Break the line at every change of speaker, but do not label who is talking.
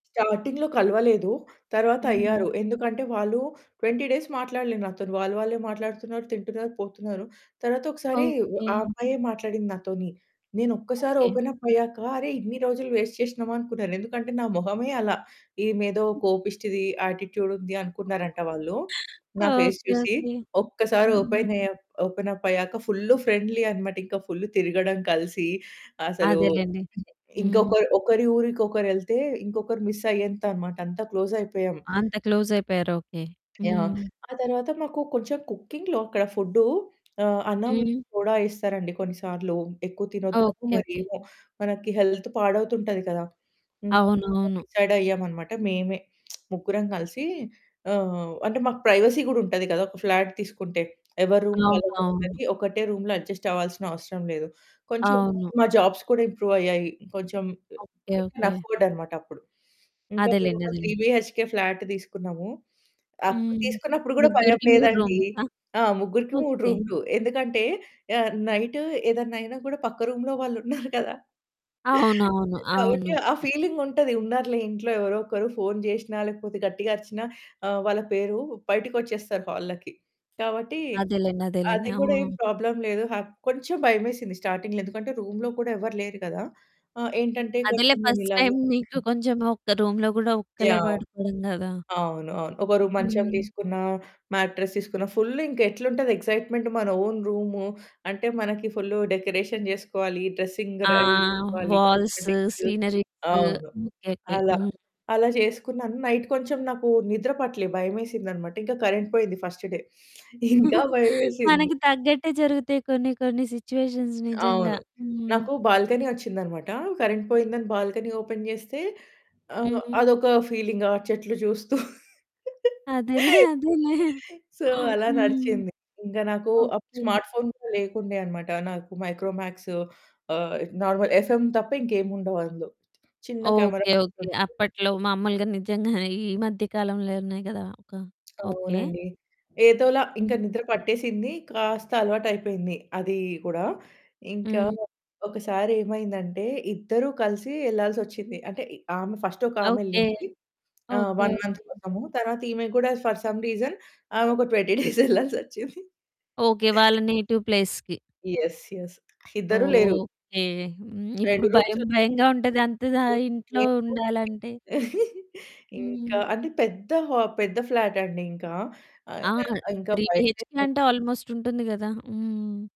చాటింగ్‌లో కలవలేదు. తరువాత
హ్మ్.
అయ్యారు. ఎందుకంటే వాళ్ళు 20 డేస్ మాట్లాడలే నాతోని. వాళ్ళు వాళ్ళే మాట్లాడుతున్నారు, తింటున్నారు, పోతున్నారు. తరువాత ఒకసారి వ ఆ
ఓకే.
అమ్మాయే మాట్లాడింది నాతోని. నేనొక్కసారి
ఓకే.
ఓపెన్ అప్ అయ్యాక, అరే! ఇన్ని రోజులు వేస్ట్ చేసినమా, అనుకున్నారు. ఎందుకంటే నా మొహమే అలా, ఈమేదో కోపిష్టిది, యాటిట్యూడుంది అనుకున్నారంట వాళ్ళు. నా ఫేస్
ఓకే.
చూసి.
ఓకే.
ఒక్కసారి
హ్మ్.
ఓపెన్ ఏ అప్, ఓపెన్ అప్ అయ్యాక ఫుల్ ఫ్రెండ్లీ అన్నమాట. ఇంకా ఫుల్ తిరగడం కలిసి, అసలు
అదేలెండి. హ్మ్.
ఇంకొక ఒకరి ఊరికి ఒకరెళ్తే, ఇంకొకరు మిస్ అయ్యేంత అన్నమాట. అంతా క్లోజ్ అయిపోయాం.
అంత క్లోజయిపోయారు. ఓకే.
యాహ్!
హ్మ్.
ఆ తర్వాత మాకు కొంచెం కుకింగ్‌లో, అక్కడ ఫుడ్డు, ఆహ్, అన్నంలో
హ్మ్.
సోడా ఏస్తరండి. కొన్ని సార్లు. ఎక్కువ తినొద్దనో,
ఓకే,
మరి
ఓకే.
ఏమో, మనకి హెల్త్ పాడవుతుంటది కదా! [unintelligible]
అవునవును.
డిసైడయ్యామనమాట, మేమే ముగ్గురం కలిసి ఆహ్, అంటే మాకు ప్రైవసీ కూడా ఉంటది కదా. ఒక ఫ్లాట్ తీసుకుంటే, ఎవరి రూమ్
అవును. అవును.
వాళ్లకుంటది. ఒకటే రూమ్‌లో అడ్జస్ట్ అవ్వాల్సిన అవసరం లేదు. కొంచెం [unintelligible]
అవును.
మా జాబ్స్ కూడా ఇంప్రూవ్ అయ్యాయి. కొంచెం ఆహ్,
okay.
We can
okay.
Afford అనమాట అప్పుడు. ఇంకా
అదేలెండి,
మేమొక త్రీ
అదేలెండి.
బీహెచ్‌కే ఫ్లాట్ తీసుకున్నాము. అప్పుడు
హ్మ్.
తీసుకున్నప్పుడు కూడా భయం
ముగ్గురికి 3
లేదండి.
రూమ్సా?
ఆ! ముగ్గురికి 3
ఓకే.
రూములు. ఎందుకంటే ఆహ్, నైటు ఏదన్నా అయినా కూడా, పక్క రూమ్‌లో వాళ్ళున్నరు కదా!
అవునవును, అవును.
కాబట్టి ఆ
హ్మ్.
ఫీలింగుంటది, ఉన్నారులే ఇంట్లో ఎవరో ఒకరు. ఫోను చేసినా, లేకపోతే గట్టిగా అరిచినా ఆహ్, వాళ్ళ పేరు, బయటికొచ్చేస్తారు హాల్‌లోకి. కాబట్టి
అదేలెండి,
అ
అదేలెండి.
అది
ఆ!
కూడా ఏం ప్రాబ్లమ్ లేదు. హా కొంచెం భయమేసింది స్టార్టింగ్‌లో. ఎందుకంటే, రూమ్‌లో కూడా ఎవరు లేరు కదా! ఆహ్, ఏంటంటే
అదేలే
కొంచెం మేం
ఫస్ట్
ఇలాగే
టైమ్ మీకు కొంచెం ఒక రూమ్‌లో కూడా ఒక్కలే
యాహ్!
పడుకోవడం కదా!
అవును, అవును. ఒకరు మంచం
హ్మ్.
తీసుకున్నా, మ్యాట్రెస్ తీసుకున్నా, ఫుల్ ఇంకా ఎట్లుంటది, ఎక్సైట్మెంట్, మన ఓన్ రూము, అంటే మనకి ఫుల్లు డెకరేషన్ చేసుకోవాలి, డ్రెస్సింగ్
ఆ!
రెడీ చేసుకోవాలి,
వాల్స్,
కాస్మెటిక్స్,
సీనరీస్.
అవును,
ఓకే, ఓకే.
అలా.
హ్మ్.
అలా చేసుకున్నాను, నైట్ కొంచెం నాకు నిద్ర పట్టలే. భయమేసిందనమాట. ఇంకా కరెంట్ పోయింది ఫస్ట్ డే ఇంకా భయమేసింది.
మనకు తగ్గట్టే జరుగుతాయి కొన్ని కొన్ని సిట్యుయేషన్స్ నిజంగా.
అవును,
హ్మ్.
నాకు బాల్కనీ వచ్చిందన్నమాట. కరెంట్ పోయిందని బాల్కనీ ఓపెన్ చేస్తే, ఆహ్,
హ్మ్. హ్మ్.
అదొక ఫీలింగ్ ఆ చెట్లు చూస్తూ.
అదేలే, అదేలే.
సో, అలా
హ్మ్.
నడిచింది. ఇంకా నాకు
ఓకే.
స్మార్ట్ ఫోన్ కూడా లేకుండే అన్నమాట. నాకు మైక్రోమ్యాక్స్ ఆహ్, నార్మల్, ఎఫ్‌ఎమ్ తప్ప, ఇంకేముండవు అందులో. చిన్న కెమెరా
ఓకే, ఓకే.
ఉంటది.
అప్పట్లో మామూలుగా నిజంగానే ఈ మధ్య కాలంలో ఉన్నాయి కదా! ఒక ఓకే.
అవునండి, ఏదోలా ఇంకా
హ్మ్.
నిద్ర పట్టేసింది. కాస్త అలవాటు అయిపోయింది అది కూడా. ఇంకా
హ్మ్.
ఒకసారేమైందంటే, ఇద్దరు కలిసి వెళ్ళాల్సొచ్చింది. అంటే, ఇ ఆమె ఫస్ట్ ఒక
ఓకే,
ఆమెళ్ళింది, ఆ!
Okay,
1 month
okay.
కోసము. తరువాత ఈమె కూడా ఫర్ సమ్ రీజన్ ఆమె ఒక 20 డేస్ వెళ్ళాల్సొచ్చింది.
ఓకే. వాళ్ళ నేటివ్ ప్లేస్‌కి.
యెస్, యెస్, ఇద్దరూ లేరు.
ఓకే. హ్మ్. ఇప్పుడు
2
భయం
రూమ్స్‌లో
భయంగా ఉంటది అంత దా ఇంట్లో
[unintelligible]
ఉండాలంటే.
ఇంకా
హ్మ్.
అంటే పెద్ద హా పెద్ద ఫ్లాటండి ఇంకా,
ఆ!
[unintelligible] ఇంకా
త్రీ బీహెచ్‌కే
భయమేసి
అంటే, ఆల్మోస్ట్ ఉంటుంది కదా! హ్మ్.